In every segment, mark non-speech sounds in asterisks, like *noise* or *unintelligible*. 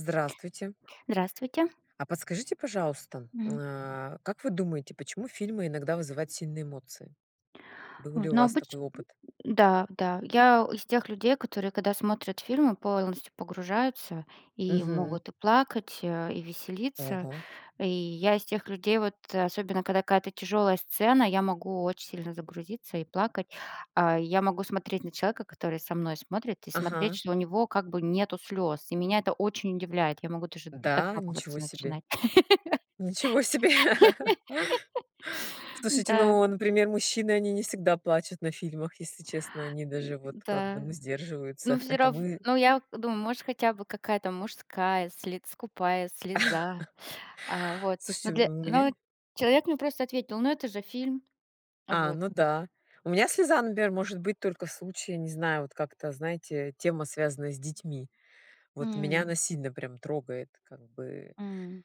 Здравствуйте. Здравствуйте. А подскажите пожалуйста, Мгм. а, как вы думаете, почему фильмы иногда вызывают сильные эмоции? Был ли Вот. у Ну, вас обычно такой опыт? Да, да. Я из тех людей, которые, когда смотрят фильмы, полностью погружаются и Мгм. могут и плакать, э, и веселиться. Ого. И я из тех людей, вот особенно, когда какая-то тяжелая сцена, я могу очень сильно загрузиться и плакать. А. Я могу смотреть на человека, который со мной смотрит, и смотреть, Ага. что у него как бы нету слез, и меня это очень удивляет, я могу даже Да, ничего докапываться себе, начинать. ничего себе. *laughs* *laughs* Слушайте, Да. ну, например, мужчины, они не всегда плачут на фильмах, если честно, они даже *grunts* вот как бы Да. ну Ну сдерживаются. всё Это рав мы. ну, я думаю, может, хотя бы какая-то мужская слец скупая слеза, а, *laughs* вот, Слушайте, но для, ну у но меня. человек мне просто ответил: но это же фильм! А, Вот. ну да. У меня слеза, например, может быть только в случае, не знаю, вот как-то, знаете, тема, связанная с детьми. Вот меня М. она сильно прям трогает, как бы. М.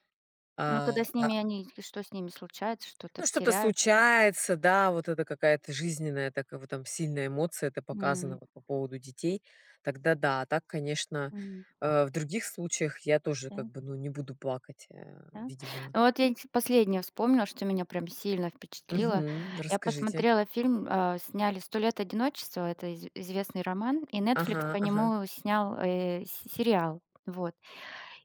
Но когда А, с а. ними они или что с ними случается, что-то Ну, что-то теряют? случается, да, вот это какая-то жизненная такая вот там сильная эмоция. Это показано М. вот по поводу детей, тогда да. А так, конечно, М. э, в других случаях я тоже, как Да. бы, ну, не буду плакать, э, Да. видимо. Вот я последнее вспомнила, что меня прям сильно впечатлило. Мгм. Я Расскажите. посмотрела фильм, а, сняли "Сто лет одиночества", это из известный роман, и "Нетфликс" Ага. по Ага. нему снял, э, с сериал, вот.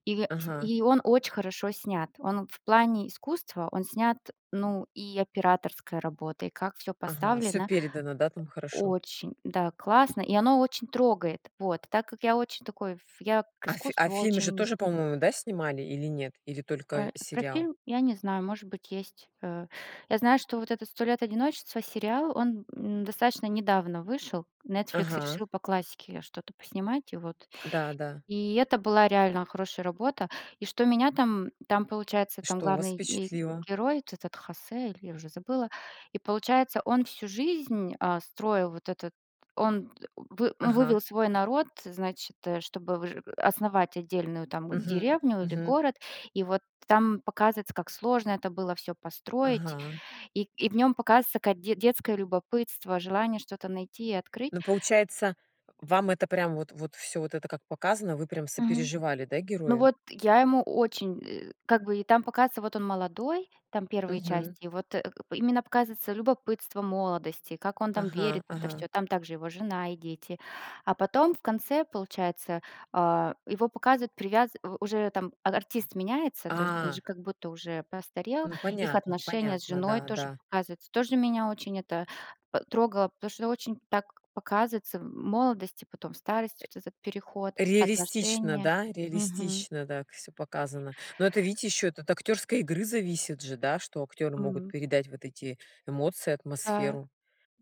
И Ага. и он очень хорошо снят, он в плане искусства, он снят, ну, и операторской работой, и как всё Ага. Всё поставлено. передано, да, там хорошо? Очень, да, классно, и оно очень трогает. Вот. Так как я очень такой, я к А фи а искусству фильмы же очень. тоже, по-моему, да снимали или нет? Или только Э, про сериал? фильм я не знаю, может быть есть, э. Я знаю, что вот этот "Сто лет одиночества" сериал, он, м, достаточно недавно вышел, "Нетфликс" Ага. решил по классике что-то поснимать, и вот, Да, да. и это была реально хорошая работа. И что меня там там получается там Что у вас главный ге впечатлило? герой, вот этот Хосе, или я уже забыла, и получается, он всю жизнь, а, строил, вот этот, он д вы ну Ага. вывел свой народ, значит, чтобы выжи основать отдельную, там, Мгм. деревню или Мгм. город, и вот там показывается, как сложно это было всё построить, Ага. и и в нём показывается как де детское любопытство, желание что-то найти и открыть. Ну получается, вам это прям вот вот всё вот это как показано, вы прям Мгм. сопереживали, да, Ну герою? вот, я ему очень, э, как бы, и там показывается, вот он молодой, там первые Мгм. части и вот, э, п именно показывается любопытство молодости, как он там Ага. верит в это Ага. всё, там также его жена и дети. А потом, в конце, получается, а, его показывают привяз у уже, там, а артист меняется, то есть он А. же как будто уже постарел, Ну их понятно, отношения с понятно, женой да, тоже да. показываются, тоже меня очень это п трогало, потому что очень так показывается молодость и потом Э. старость, вот этот переход, Реалистично, отношения. да? Мгм. Реалистично так всё показано. Но это видите ещё от актерской игры зависит же, да, что актеры могут Мгм. передать вот эти эмоции, Да. атмосферу.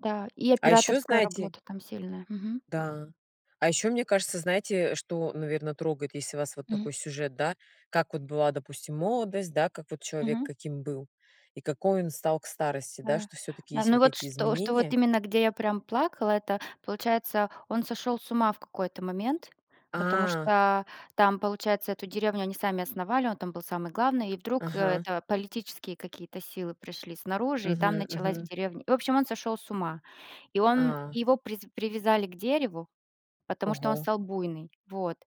Да, и А ещё операторская знаете. работа там сильная. Мгм. Да. А ещё, мне кажется, знаете, что, наверно, трогает, если у вас вот Мгм. такой сюжет, да, как вот была, допустим, молодость, да, как вот человек Мгм. каким был, и какой он стал к старости, да, Да. что всё-таки есть Но вот вот эти что, что изменения. именно, где я прям плакала, это получается он сошел с ума в какой-то момент, потому А. что там, получается, эту деревню они сами основали, он там был самый главный, и вдруг Ага. это политические какие-то силы пришли снаружи, и там Мгм. началась в Мгм. деревне. В общем, он сошел с ума и он, А. его привяз привязали к дереву, потому что он Ого. стал буйный, вот,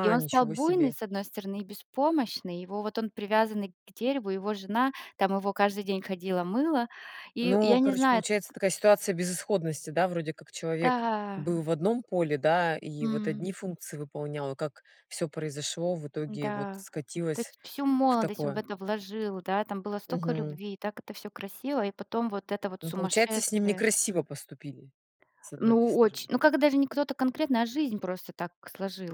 и он стал Ничего буйный, себе. с одной стороны, и беспомощный, его, вот он привязанный к дереву, его жена, там его каждый день ходила мыла и я Ну, не короче, знаю. получается такая ситуация безысходности, да вроде как человек Да. был в одном поле, да и вот М. одни функции выполнял, а как всё произошло в итоге вот Да. То скатилось есть, всю в молодость он в такое. это вложил, да, там было столько Мгм. любви, и так это всё красиво, и потом вот это вот Ну, получается с ним сумасшествие. некрасиво поступили с одной-то Ну очень. стороны. Ну когда даже не кто-то конкретно, а жизнь просто так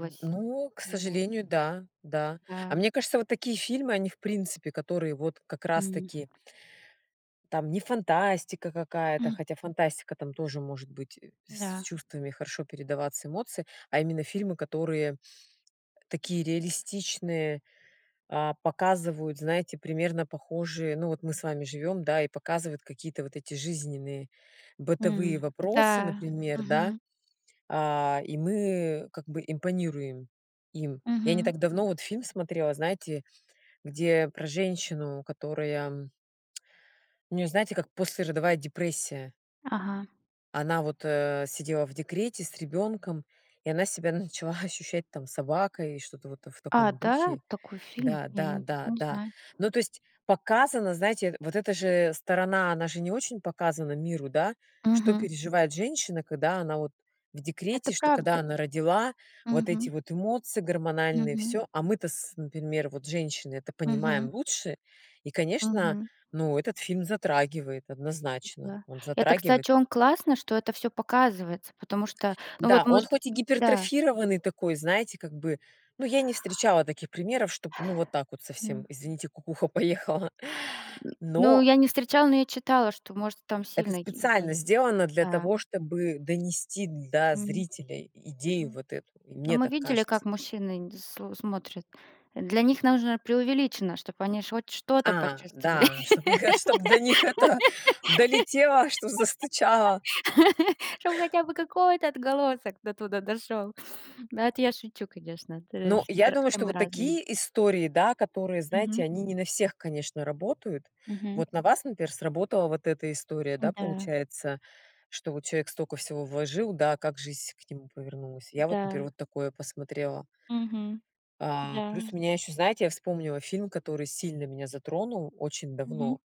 Э. Ну, к Вот. сожалению, да, да. А Да. мне кажется, вот такие фильмы они в принципе, которые вот как раз М. таки. Там не фантастика какая-то, М. хотя фантастика там тоже может быть с Да. чувствами, хорошо передаваться эмоции. А именно фильмы, которые, э, такие реалистичные. А, показывают, знаете, примерно похожие, ну вот мы с вами живём, да и показывают какие-то вот эти жизненные бытовые Мгм. вопросы, Да. например, да. Мгм. А. И мы как бы импонируем им. Я не Мгм. так давно вот фильм смотрела, знаете, где про женщину, которая *tsk* у неё знаете, как послеродовая депрессия. Ага. Она вот, э, сидела в декрете с ребёнком, и она себя начала ощущать там собакой и что-то вот в А, таком да, духе. такой фильм, Да, я да, не да, такой не да. знаю. Ну, то есть, показано, знаете, вот эта же сторона, она же не очень показана миру, да, что Мгм. переживает женщина, когда она вот в декрете, Это что, когда правда. она родила, вот эти Мгм. вот эмоции гормональные, Мгм. всё. А мы то с например, вот женщины, это понимаем Мгм. лучше и, конечно, Мгм. ну, этот фильм затрагивает, Э. однозначно, Да. он Это, затрагивает. кстати, он классно, что это всё показывается, потому что, ну Да, вот он может. Э. хоть и Да. гипертрофированный такой, знаете, как бы, ну, я не встречала таких примеров, чтобы ну вот так вот совсем, М. извините, кукуха поехала, *grunts* Ну но я не встречала, но я читала, что может там Это сильный и специально бань. сделано для Да. того, чтобы донести до Мгм. зрителя идею М. вот эту, и Ну мне мы так видели, кажется. как мужчины нд сл смотрят, для них нужно преувеличено, чтобы они ж хоть что-то А почувствовали. да, чтобы их чтоб до них это долетело, что застучало. *laughs* Чтобы хотя бы какой-то отголосок до туда дошел, да это я шучу, конечно, трэш Ну, я всер думаю, все что мы вот разные. такие истории, да, которые, знаете, Мгм. они не на всех, конечно, работают. Мгм. Вот на вас, например, сработала вот эта история, да, Да. получается, что вот человек столько всего вложил, да, как жизнь к нему повернулась. Я вот, например, Да. вот такое посмотрела. Мгм. А. Плюс Да. у меня ещё, знаете, я вспомнила фильм, который сильно меня затронул очень давно. Мгм.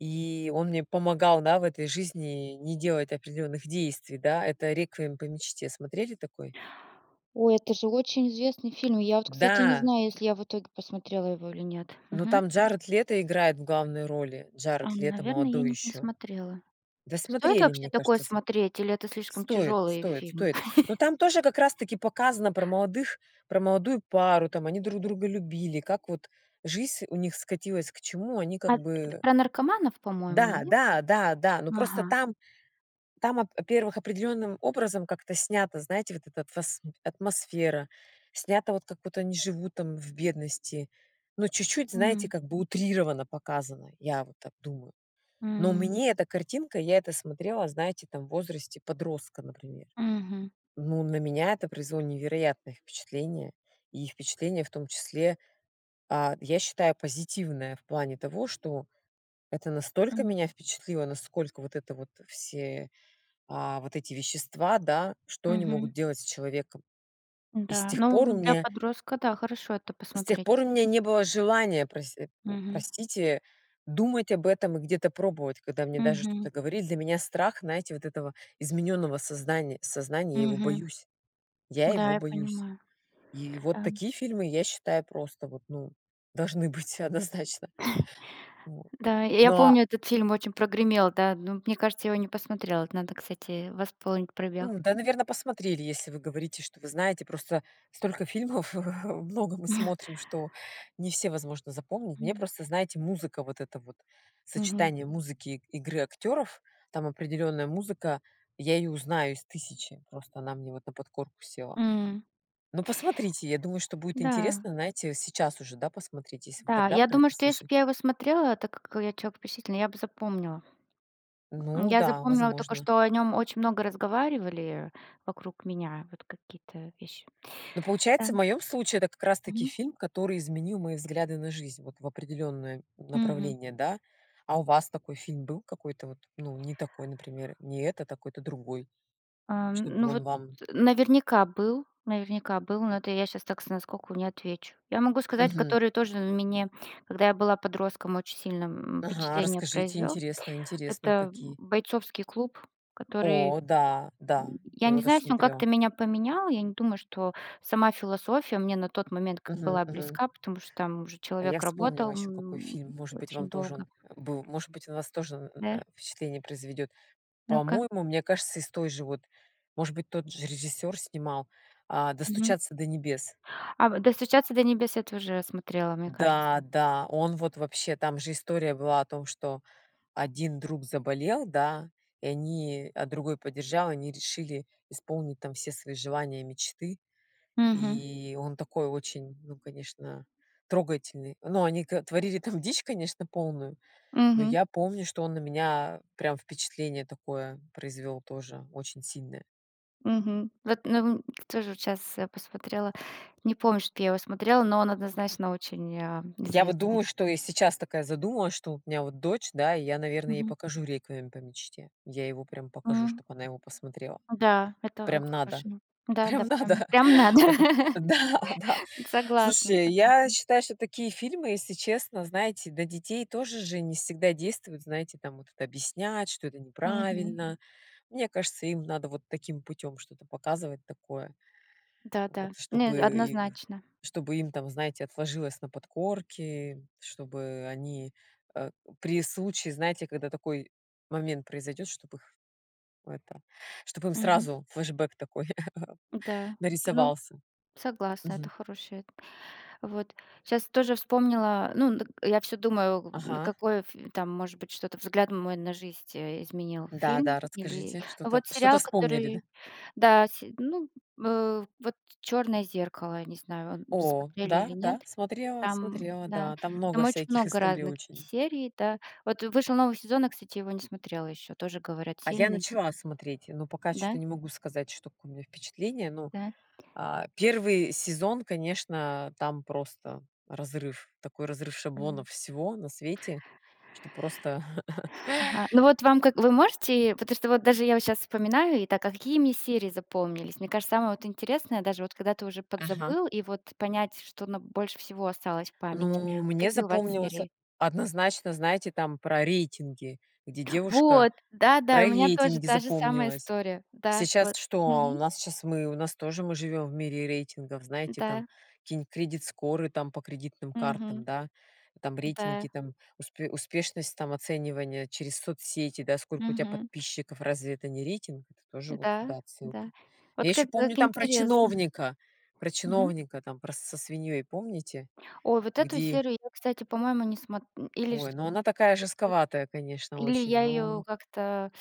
И он мне помогал, да, в этой жизни не делать определённых действий, да. Это "Реквием по мечте". Смотрели такой? Ой, это же очень известный фильм, я вот кстати, не Да! знаю, если я в итоге посмотрела его или нет. Но Мгм. там Джаред Лето играет в главной роли. Ам. Джаред Лето Наверное я молодой не не ещё. смотрела. Да Стоит смотрели, вообще мне такое кажется, с смотреть или это слишком Стоит, тяжелые стоит, фильм? стоит. Но *chuckles* там тоже как раз таки показано про молодых, про молодую пару, там они друг друга любили, как вот жизнь у них скатилась к чему они как А. Это бы. про наркоманов, по-моему, Да, нет? да, да, да. Ну просто Ага. там там, во-первых, определённым образом как-то снято, знаете, вот эта атм атмосфера снята, вот как будто они живут там в бедности. Но чуть-чуть, знаете, М. как бы утрированно показано. Я вот так думаю. Но М. мне эта картинка, я это смотрела, знаете, там, в возрасте подростка, например. Мгм. Ну, на меня это произвело невероятное впечатление. И впечатление, в том числе, а, я считаю позитивное в плане того, что это настолько М. меня впечатлило, насколько вот это вот, все, а, вот эти вещества, да, что они Мгм. могут делать с человеком. И с Да. тех пор Ну у для меня подростка, да, хорошо это С тех посмотреть. пор у меня не было желания прось э, м, Мгм. простите, думать об этом и где-то пробовать, когда мне даже что-то Мгм. говорили. Для меня страх, знаете, вот этого изменённого сознания сознания. Я его Мгм. боюсь. Я Да, его я боюсь. понимаю. И вот Да. такие фильмы, я считаю, просто вот ну, должны быть однозначно. *chuckles* Вот. Да, я Но. помню этот фильм очень прогремел, да, но мне кажется, я его не посмотрела. Надо, кстати, восполнить пробел. Ну да, наверное, посмотрели, если вы говорите, что вы знаете, просто столько фильмов много мы *laughs* смотрим, что не все возможно запомнить. Мне М. просто, знаете, музыка вот это вот. Мгм. Сочетание музыки и игры актёров. Там определённая музыка. Я её узнаю из 1 000. Просто она мне вот на подкорку села. М. Ну, посмотрите, я думаю, что будет Да. интересно. Знаете, сейчас уже да, посмотрите, если вы Да, тогда я про думаю, это что если бы слышали. я его смотрела, так как я человек впечатлительный, я бы запомнила. Э. Ну Я да, запомнила только, возможно. что о нем очень много разговаривали вокруг меня, вот какие-то вещи. Ну Да. получается, в моём случае это как раз таки Мгм. фильм, который изменил мои взгляды на жизнь, вот, в определённое Мгм. направление, да. А у вас такой фильм был, какой-то вот ну не такой, например, не этот, а какой-то другой, Ам. чтобы Ну вот. он вам Наверняка был, наверняка был, но это я щас так с наскоку не отвечу. Я могу сказать, Мгм. который тоже мне, когда я была подростком, очень сильно, м, Ага. впечатление Расскажите произвел. интересно, интересно Это какие. "Бойцовский клуб", который, О да, да. *grunts* я Его не тоже знаю, если он как-то смотрела. меня поменял, я не думаю, что сама философия мне на тот момент как Мгм. была Мгм. близка, потому что там уже А я человек вспомнила работал еще какой фильм может быть вам очень тоже долго. он был, может быть на вас тоже н Да. э, впечатление произведет. Ну-ка. По-моему, мне кажется, из той же вот, может быть тот же режиссёр снимал, а, Мгм. "Достучаться до небес". А вот "Достучаться до небес" я тоже смотрела, мне кажется. Да, да. Он вот вообще. Там же история была о том, что один друг заболел, да, и они, а другой поддержал, они решили исполнить, там, все свои желания, мечты. Мгм. И, он такой очень, ну, конечно, трогательный. Но они к творили там дичь, конечно, полную, но Мгм. я помню, что он на меня прям впечатление такое произвёл тоже очень сильное. Мгм. Вот тоже вот щас посмотрела, не помню, что я его смотрела, но он однозначно очень, а, Я вот известный. думаю, что я сейчас такая задумалась, что у меня вот дочь, да, и я, наверно, ей Мгм. покажу "Реквием по мечте". Я его прямо покажу, М. чтоб она его посмотрела. Да, это Прям как надо, хорошо, да, да, прям прям, надо. прям надо, Потом *laughs* да, да. согласна, Слушай, я согласна. считаю, что такие фильмы, если честно, знаете, до детей тоже же не всегда действуют, знаете, там вот объяснять, что это Мгм. неправильно. Мне кажется, им надо вот таким путём что-то показывать такое. Вот, Да-да. Нет, чтобы однозначно. чтобы им там, знаете, отложилось на подкорке, чтобы они, э, при случае, знаете, когда такой момент произойдёт, чтобы их это, чтобы им Мгм. сразу флешбэк такой *chuckles* Да, ну, нарисовался. согласна, Мгм. это хорошая, вот. Сейчас тоже вспомнила, ну д я всё думаю, Ага. какой там может быть что-то взгляд мой на жизнь изменил, Да, фильм, да, или расскажите, что-то, вот что-то сериал, вспомнили, да. который, да се ну, э, вот "Черное зеркало", я не знаю, вы О. смотрели или Да, нет. да, смотрела, Там смотрела. да, Да. Там там много очень всяких много историй разных очень. серий, да. Вот вышел новый сезон, я кстати его не смотрела еще, тоже говорят А я сильный. начала смотреть, но пока Да? чё-то не могу сказать, что какое у меня впечатление. Ну, Да. а, 1 сезон, конечно, там просто разрыв, такой разрыв М. шаблонов всего на свете, что просто. *chuckles* Ага. Ну, вот вам. Вы можете, потому что вот даже я щас вспоминаю, итак, какими серии запомнились? Мне кажется, самое интересное даже, когда ты вот уже Ага. подзабыл, и вот понять, что на больше всего осталось в памяти, Ну, мне какие у вас запомнилось од серии? однозначно, знаете, там про рейтинги, где девушка Вот. Да, да, про и у меня тоже рейтинги та же самая запомнилось. история, да. Сейчас Вот. что, у Мгм. нас сейчас мы, у нас тоже мы живём в мире рейтингов, знаете там Да. какие-то кредит скоры там по кредитным картам, Мгм. да. Там Да. рейтинги, там успе успешность там оценивания через соцсети, да. Сколько у тя Мгм. подписчиков разве это не рейтинг? Это тоже вот Да, туда отсылка. да. Я Вот ещё как, помню как там про интересно. чиновника, про Мгм. чиновника там про с со свиньёй помните, Ой. Вот эту где серую, я кстати, по-моему, не сма э, или Ой, шт, ну она такая жестковатая, конечно, *unintelligible* или очень, я ее ну. как-то,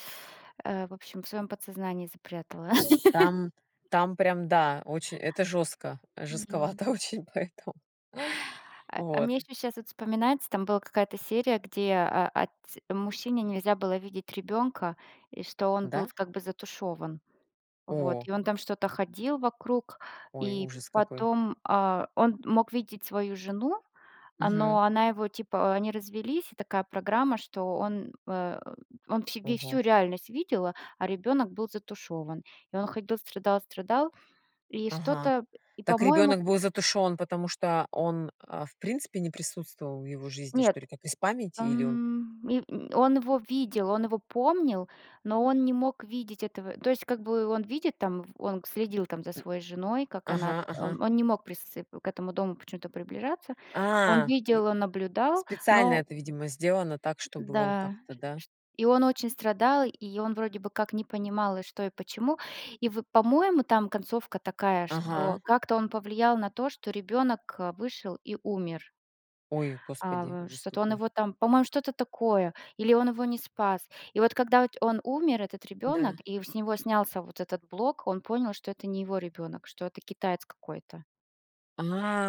э, в общем, в своем подсознании запрятала. Там *laughs* там прям, да, очень это жестко, М. жестковато очень поэтому А а Вот. мне еще щас вот вспоминается, там была какая-то серия, где, а, а, отц мужчине нельзя было видеть ребенка, и что он был Да? как бы затушёван, Вот, О! и он там что-то ходил вокруг, Ой. и Ужас какой. потом, а, он мог видеть свою жену, Мгм. но она его типа они развелись, и такая программа, что он, э, он все ве всю Ого. реальность видел, а ребенок был затушёван. И он ходил страдал-страдал и что-то Ага. э, и Так по-моему. ребенок был затушён, потому что он, а, в принципе не присутствовал в его жизни что ли Нет, как из памяти или он? м, и он его видел, он его помнил, но он не мог видеть этого. То есть, как бы, он видит там, он следил там за М. своей женой, как она. Ага, ага. Он не мог присц к этому дому почему-то приближаться. Он А. И. видел, он наблюдал, Специально но. это видимо сделано так, Э. чтобы он Да. как-то, да. Ш ш и он очень страдал, и он вроде бы как не понимал, и что, и почему. И вот по-моему там концовка такая, что Ага. как-то он повлиял на то, что ребенок вышел и умер. Ой, А Господи, вот ужас что-то он какой. его там. По-моему, что-то такое или он его не спас. И вот когда он умер, этот ребёнок, Да. и с него снялся вот этот блок, он понял, что это не его ребёнок, что это китаец какой-то.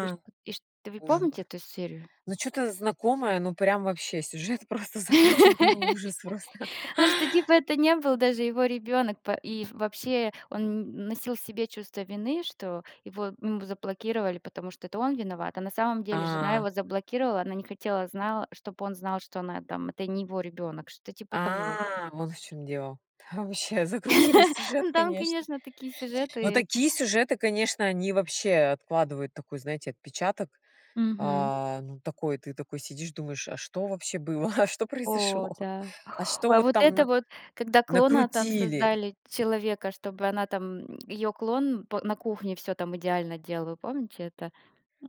И что И что. Вы Ужас, помните эту серию? ну, чё-то знакомое, ну прям вообще сюжет просто закрученный ужас просто. *laughs* Ну, что типа это не был даже его ребенок, и вообще он н носил в себе чувство вины, что его ему заблокировали, потому что это он виноват, а на самом деле жена А. его заблокировала, она не хотела, знала чтоб он знал, что она там это не его ребенок, что-то типа того. А, вот в чем дело. Ваще, закрутили сюжет, *laughs* Там конечно. конечно такие Но сюжеты. такие сюжеты, конечно, они вообще откладывают такой, знаете, отпечаток. Мгм. А. Ну, такой, ты такой сидишь думаешь, а что вообще было, а что О. произошло, Да. а что А вот вот там это на вот, когда клона там накрутили. создали человека, чтобы она там, её клон п на кухне всё там идеально делала, помните это?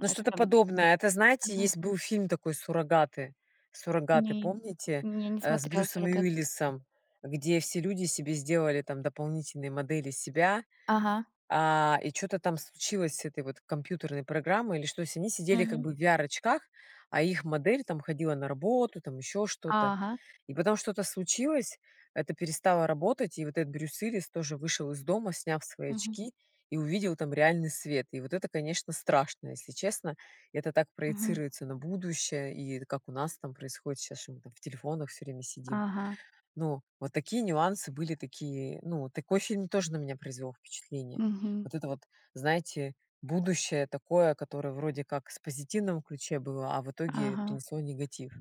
Ну, Что что-то там. подобное. Это знаете, Ага. есть был фильм такой "Суррогаты", "Суррогаты", Мгм. помните, Ну. Я не э, с смотрела Брюсом "Суррогаты". Уиллисом, где все люди себе сделали там дополнительные модели себя, Ага. а, и чё-то там случилось с этой вот компьютерной программой или что. Они сидели как Мгм. бы в VR-очках, а их модель, там, ходила на работу, там, ещё что-то. Ага. И потом что-то случилось, это перестало работать, и вот этот Брюс Уиллис тоже вышел из дома, сняв свои Мгм. очки и увидел там реальный свет. И вот это, конечно, страшно, если честно. Это так Мгм. проецируется на будущее и как у нас там происходит щас, что мы, там, в телефонах всё время сидим. Ага. Ну, вот такие нюансы были такие, ну, такой фильм тоже на меня произвел впечатление. Мгм. Вот это вот, знаете, будущее такое, которое вроде как с позитивного ключе было, а в итоге Ага. принесло негатив.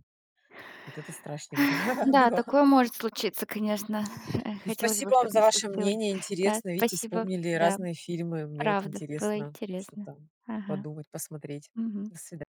Вот это страшненько Да, было. такое может случиться, конечно, Ну, хотелось бы, спасибо вам чтобы за не ваше случилось. мнение. Да, Интересно. Видите, спасибо, вспомнили да, разные фильмы. Мне вот правда, было интересно интересно. что-то Ага. подумать, посмотреть. Мгм. До свида